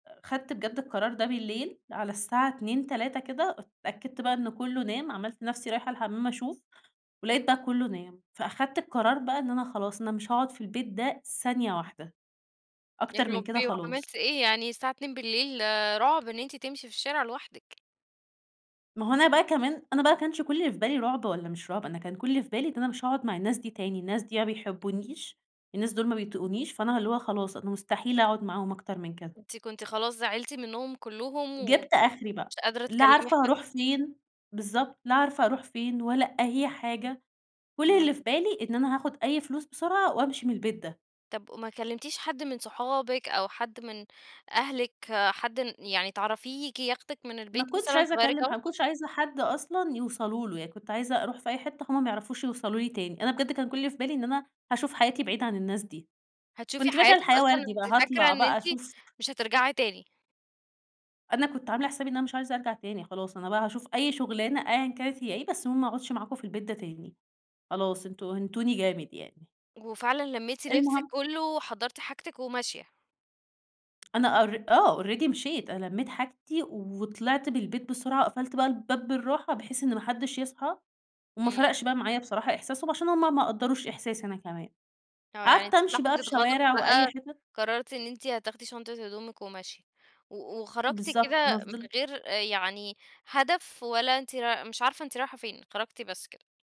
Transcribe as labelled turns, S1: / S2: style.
S1: أ خدت بجد القرار ده بالليل، على الساعة 02:00، 03:00 كده، اتأكدت بقى إنه كُلّه نام، عملت نفسي رايحة الحَمَّام أشوف، ولقيت بقى كُلُّه نام، فأخدت القرار بقى إن أنا خلاص أنا مش هاقعد في البيت ده ثانية واحدة،
S2: يا
S1: أكتر من كده
S2: رَبِّي!
S1: خلاص.
S2: وعملتِ إيه؟ يعني الساعة 02:00 رعب إن أنتِ تمشي في الشارع لوحدِك.
S1: ما هو أنا بقى كمان أنا بقى ما كانش كُلّ اللي في بالي رعُب والّا مش رعُب، أنا كان كُلّ اللي في بالي إن أنا مش هاقعد مع الناس دي تاني، الناس دي يا ما بيحبونيش، الناس دول ما بيطيقونيش، فأنا اللي هو خلاص أنا مستحيل أقعد معاهم أكتر من كده.
S2: أنتِ كنتِ خلاص زعلتِ منهم كُلُّهم، و
S1: جِبت آخِري بقى،
S2: مش قادرة
S1: لا
S2: تكلِّمي
S1: عارفة
S2: حد.
S1: هاروح فين بالضبط، لا عارفة هاروح فين، ولا أي حاجة، كُلّ
S2: امم.
S1: اللي في بالي إن أنا هاخد أي فلوس بسرعة وأمشي من البيت ده.
S2: طَب وما كلمتيش حد من صحابِك، أو حد من أهلِك حد ن يعني تعرفيه ييجي ياخدِك من
S1: ما
S2: البيت
S1: كنتش
S2: مثلًا
S1: عايزة
S2: تغيّري
S1: أكلم
S2: جو؟
S1: حد ما كنتش عايزة حد أصلًا يوصلوا له، يعني كنت عايزة أروح في أي حِتّة هُم ما يعرفوش يوصلوا لي تاني، أنا بجد كان كُلّ اللي في بالي إن أنا هاشوف حياتي بعيد عن الناس دي،
S2: هتشوفي
S1: كنت فاكرة
S2: حياتِك
S1: الحياة
S2: أصلًا!
S1: وردي بقى
S2: أنتِ فاكرة
S1: هاطلع
S2: إن
S1: بقى
S2: أنتِ
S1: أشوف
S2: مش هترجعي تاني؟
S1: أنا كنت عاملة حسابي إن أنا مش عايزة أرجع تاني خلاص، أنا بقى هاشوف أي شُغلانة أيًا كانت هي إيه، بس المهم ما أقعدش معاكم في البيت ده تاني، خلاص أنتم هِنتوني جامد يعني.
S2: وفعلًا لميتِ لبسِك
S1: المهم
S2: كُلُّه، وحَضَّرتِ حاجتِك وماشية؟
S1: أنا أر آه، Already مشيت، أنا لميت حاجتي وطلعت من البيت بسرعة، وقفلت بقى الباب بالراحة، بحيث إن ما حدش يصحى، وما
S2: امم.
S1: فرقش بقى معايا بصراحة إحساسهم، عشان هُم ما قَدَّروش إحساسي أنا كمان.
S2: آه، يعني
S1: قعدت
S2: في
S1: أمشي
S2: لحظة
S1: بقى في
S2: غضب
S1: شوارع وأي
S2: بقى،
S1: حتت
S2: قررتِ إن أنتِ هتاخدي شنطة هدومِك وماشية، و وخرجتِ
S1: بالضبط أنا
S2: كده من
S1: فضِلت
S2: غير آآ يعني هدف، ولا أنتِ راي مش عارفة أنتِ رايحة فين، خرجتِ بس كده.